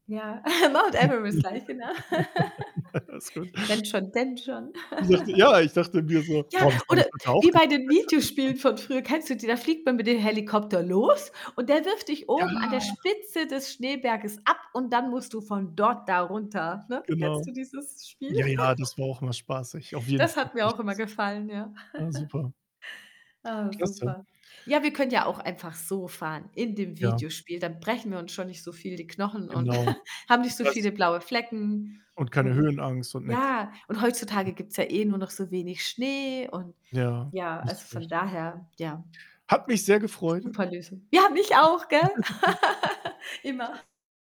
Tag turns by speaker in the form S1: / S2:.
S1: Ja, Mount Everest gleich, genau.
S2: Alles gut.
S1: Wenn schon, denn schon.
S2: Ich dachte ja, ich dachte mir so:
S1: Ja,
S2: „Boah, das habe
S1: oder
S2: ich heute auch
S1: wie bei
S2: gesagt,
S1: den
S2: wenn schon, denn schon“,
S1: Videospielen von
S2: ja.
S1: früher, kennst du die? Da fliegt man mit dem Helikopter los und der wirft dich
S2: Ja.
S1: oben an der Spitze des Schneeberges ab und dann musst du von dort da runter, ne? Kennst
S2: Genau.
S1: du dieses Spiel?
S2: Ja, ja, das war auch immer spaßig. Auf jeden
S1: Das
S2: Fall
S1: hat
S2: kenne
S1: mir
S2: ich
S1: auch immer
S2: das.
S1: gefallen, ja.
S2: Ah, super.
S1: Ah,
S2: Klasse.
S1: super. Ja, wir können ja auch einfach so fahren in dem
S2: Ja.
S1: Videospiel, dann brechen wir uns schon nicht so viel die Knochen und
S2: Genau.
S1: haben nicht so
S2: Was?
S1: viele blaue Flecken
S2: Und keine
S1: und
S2: Höhenangst und nix.
S1: ja, und
S2: Mhm.
S1: heutzutage gibt's ja eh nur noch so wenig Schnee und
S2: Ja,
S1: ja,
S2: hast
S1: also
S2: du
S1: von
S2: recht.
S1: daher, ja.
S2: Hat mich sehr gefreut.
S1: Super Lösung. Ja, mich auch,
S2: [unintelligible]
S1: gell, immer.
S2: Tschüss.